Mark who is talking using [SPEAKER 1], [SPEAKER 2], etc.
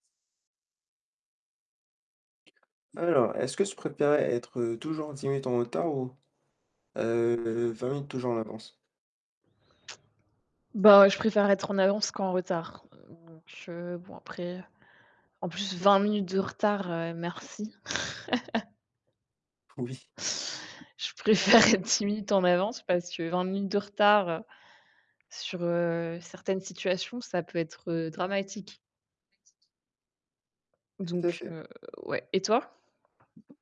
[SPEAKER 1] Alors, est-ce que tu préférerais être, heu, toujours 10 minutes en retard ou, heu, 20 minutes toujours en avance?
[SPEAKER 2] Bah, je préfère être en avance qu'en retard. Bon, je bon après, en plus 20 minutes de retard, heu, merci.
[SPEAKER 1] Oui.
[SPEAKER 2] Je préfère être 10 minutes en avance parce que 20 minutes de retard sur, heu, certaines situations, ça peut être, heu, dramatique.
[SPEAKER 1] Tout à
[SPEAKER 2] Donc
[SPEAKER 1] fait.
[SPEAKER 2] heu, ouais. Et toi?